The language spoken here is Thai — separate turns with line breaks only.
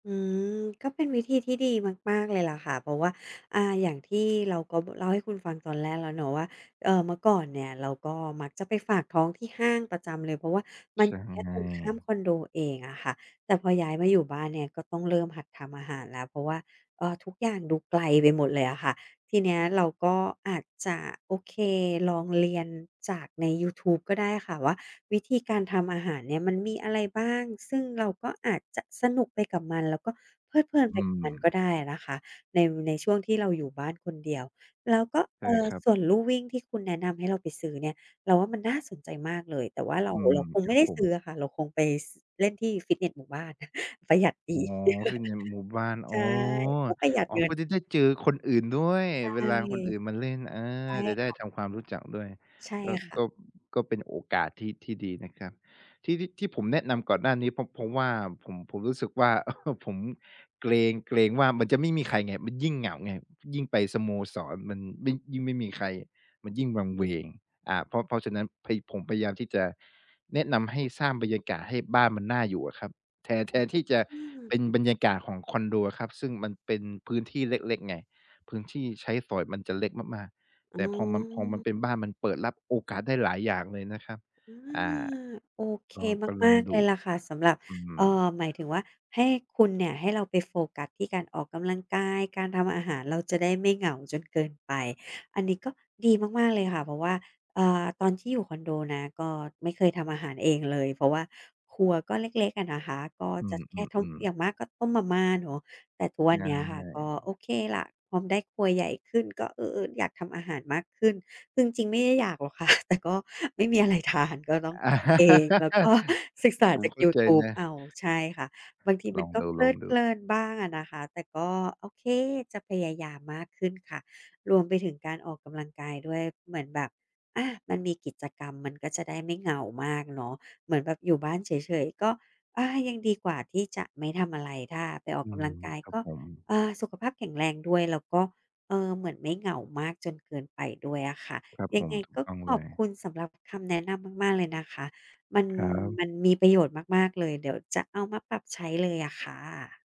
อืม ก็เป็นวิธีที่ดีมาก ๆ เลยล่ะค่ะ เพราะว่า อ่า อย่างที่เราก็ เล่าให้คุณฟังตอนแรกแล้วเนาะว่า เอ่อ เมื่อก่อนเนี่ย เราก็มักจะไปฝากท้อง ที่ห้างประจำเลย เพราะว่ามั
ใ
น
ช
อย
่
ู่แค่ตรงข้ามคอนโดเองอะค่ะ แต่พอย้ายมาอยู่บ้านเนี่ย ก็ต้องเริ่มหัดทำอาหารแล้ว เพราะว่า เอ่อ ทุกอย่างดูไกลไปหมดเลยอะค่ะ ทีเนี้ยเราก็อาจจะ โอเค ลองเรียนจากในยูทูบก็ได้ค่ะว่า วิธีการทำอาหารเนี่ย มันมีอะไรบ้าง ซึ่งเราก็อาจจะสนุกไปกับมัน แล้วก็เพลิดเพลิน
อ
ไป
ื
กับม
ม
ันก็ได้อะนะคะ ใน ในช่วงที่เราอยู่บ้านคนเดียว แล้วก็ เ
ใช
อ
่
่อ
ครับ
ส่วนลู่วิ่งที่คุณแนะนำให้เราไปซื้อเนี่ย เราว่ามันน่าสนใจมากเลย แต่ว่าเรา
อื
เร
ม
าคง
ค
ไม
ร
่
ับ
ได้
ผ
ซ
ม
ื้ออะค่ะ เราคงไป ส เล่นที่ฟิตเนสหมู่บ้าน ประหยัดดี
อ๋อ วิ่งในหมู่บ้าน
ใ
อ
ช
๋
่
อ
ก็ประหยัด
อ๋อ
เงิ
ก็
น
จะได้เจอคนอื่นด้วย
ใช
เว
่
ลาคนอื่นมาเล่น เอ
ใช
อ
่
จะได้
ค่
ท
ะ
ำความรู้จักด้วย
ใช่
ก็
ค่ะ
ก็ ก็เป็นโอกาสที่ ที่ดีนะครับ ที่ ที่ ที่ผมแนะนำก่อนหน้านี้เพราะ เพราะว่าผม ผมรู้สึกว่า ผมเกรง เกรงว่ามันจะไม่มีใครไง มันยิ่งเหงาไง ยิ่งไปสโมสรมันยิ่ง ยิ่งไม่มีใคร มันยิ่งวังเวง อ่า เพราะ เพราะฉะนั้น ผ ผมพยายามที่จะ แนะนำให้สร้างบรรยากาศให้บ้านมันน่าอยู่อะครับ แทน แทนที่จะ
อืม
เป็นบรรยากาศของคอนโดอะครับ ซึ่งมันเป็นพื้นที่เล็ก ๆ ไง พื้นที่ใช้สอยมันจะเล็กมาก
อ
ๆ
๋
แต่พอมัน พอมัน
อ
เป็นบ้านมันเปิดรับโอกาสได้หลายอย่างเลยนะครับ
อื
อ่า
ม โอเค
ก็ ก็ล
มา
อง
ก ๆ
ด
เล
ู
ยล่ะค่ะ สำหรับ
อื
เอ่อ
ม
หมายถึงว่า ให้คุณเนี่ย ให้เราไปโฟกัส ที่การออกกำลังกาย การทำอาหาร เราจะได้ไม่เหงาจนเกินไป อันนี้ก็ดีมาก ๆ เลยค่ะ เพราะว่า อ่า ตอนที่อยู่คอนโดนะ ก็ไม่เคยทำอาหารเองเลย เพราะว่าครัวก็เล็ก ๆ อะนะคะ ก็
อื
จะแค่ท
อ
ำ
ๆ
อ
ๆ
ย่างมากก็ต้มมาม่าเนาะ แต่ทุกวั
ใ
น
ช
เนี้ยค่ะ ก็
่
โอเคล่ะ พอได้ครัวใหญ่ขึ้น ก็ เออ ๆ อยากทำอาหารมากขึ้น ซึ่งจริงไม่ได้อยากหรอก ค่ะ แต่ก็ไม่มีอะไร ทาน ก็ต้องทำเอง แล้ว ก็ ศึกษา
ผม
จาก
เข้
ย
า
ู
ใจ
ทูบ
น
เอ
ะ
า ใช่ค่ะ บางทีม
ล
ั
อ
น
ง
ก็
ด
เพลิดเพ
ู
ล
ๆ
ินบ้างอะนะคะ แต่ก็ โอเค จะพยายามมากขึ้นค่ะ รวมไปถึงการออกกำลังกายด้วย เหมือนแบบ อา มันมีกิจกรรม มันก็จะได้ไม่เหงามากเนาะ เหมือนแบบอยู่บ้านเฉย ๆ ก็ อา ยังดีกว่า ที่จะไม่ทำอะไร ถ้าไปออ
อื
กกำล
ม
ังกาย
ครั
ก
บ
็
ผม
เอ่อ สุขภาพแข็งแรงด้วย แล้วก็ เอ่อ เหมือนไม่เหงามากจนเกินไปด้วยอะค่ะ
ครับ
ยั
ผ
ง
ม
ไง
ถู
ก
ก
็
ต้อง
ข
เล
อบ
ย
คุณสำหรับคำแนะนำมาก ๆ เลยนะคะ มัน
ครับ
มันมีประโยชน์มาก ๆ เลย เดี๋ยวจะเอามาปรับใช้เลยอะค่ะ